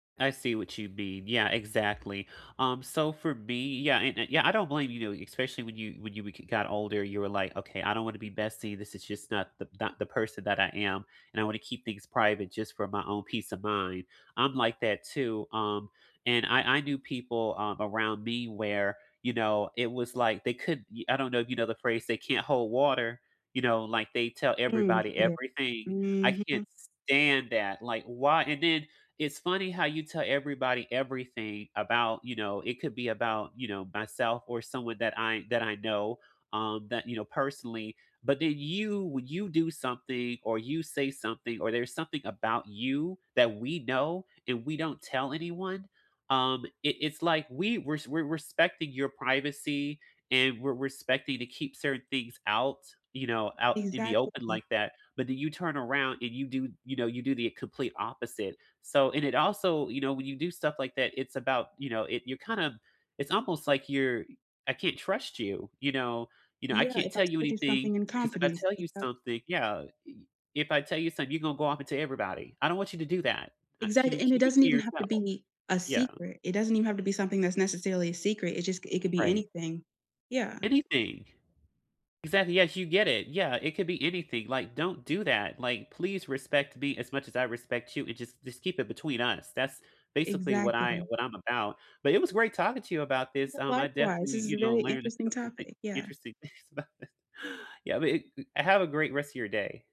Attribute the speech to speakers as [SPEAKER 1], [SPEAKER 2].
[SPEAKER 1] I see what you mean, yeah, exactly. Um, so for me yeah, and a yeah, I don't blame, you know, especially when you when you bec got older, you were like, "Okay, I don't wanna be bestie, this is just not the not the person that I am, and I wanna keep things private just for my own peace of mind." I'm like that too, um, and I I knew people, um, around me where, you know, it was like they could ye I don't know if you know the phrase, "They can't hold water," you know? Like, they tell
[SPEAKER 2] Mm,
[SPEAKER 1] everybody
[SPEAKER 2] yeah.
[SPEAKER 1] everything? I can't
[SPEAKER 2] Mhm.
[SPEAKER 1] stand that, like, why? And then, it's funny how you tell everybody everything about, you know, it could be about, you know, myself or someone that I that I know, um, that you know personally, but then you when you do something, or you say something, or there's something about you, that we know, and we don't tell anyone, um, it it's like we we're s we're respecting your privacy and we're respecting to keep certain things out, you know, out in the open
[SPEAKER 2] Exactly.
[SPEAKER 1] like that, but then you turn around and you do you know, you do the complete opposite, so and it also, you know, when you do stuff like that, it's about, you know, it you're kinda it's almost like you're I can't trust you, you know know you know, I
[SPEAKER 2] Yeah, if
[SPEAKER 1] can't
[SPEAKER 2] I
[SPEAKER 1] tell you
[SPEAKER 2] told you
[SPEAKER 1] anything
[SPEAKER 2] something in
[SPEAKER 1] because if I
[SPEAKER 2] confidence,
[SPEAKER 1] tell you
[SPEAKER 2] yep.
[SPEAKER 1] something yeah, e e if I tell you something, you're gonna go off and tell everybody, I don't want you to do that, uh, can
[SPEAKER 2] Exactly,
[SPEAKER 1] you
[SPEAKER 2] and it
[SPEAKER 1] keep it
[SPEAKER 2] doesn't
[SPEAKER 1] to
[SPEAKER 2] even have to
[SPEAKER 1] yourself?
[SPEAKER 2] be a
[SPEAKER 1] Yeah.
[SPEAKER 2] secret, it doesn't even have to be something that's necessarily a secret, it just c it could be
[SPEAKER 1] Right.
[SPEAKER 2] anything. Yeah.
[SPEAKER 1] Anything. Exactly, yes, you get it, yeah, it could be anything, like, "Don't do that." Like, "Please respect me as much as I respect you, and just just keep it between us." That's, basically, what I
[SPEAKER 2] Exactly.
[SPEAKER 1] what I'm about, but it was great talking to you about this,
[SPEAKER 2] Yeah,
[SPEAKER 1] um, I
[SPEAKER 2] likewise,
[SPEAKER 1] definitely,
[SPEAKER 2] this is
[SPEAKER 1] you
[SPEAKER 2] a
[SPEAKER 1] know,
[SPEAKER 2] very
[SPEAKER 1] learned a
[SPEAKER 2] interesting
[SPEAKER 1] couple thin
[SPEAKER 2] topic, yeah.
[SPEAKER 1] interesting things about this. Yeah, but it g have a great rest of your day.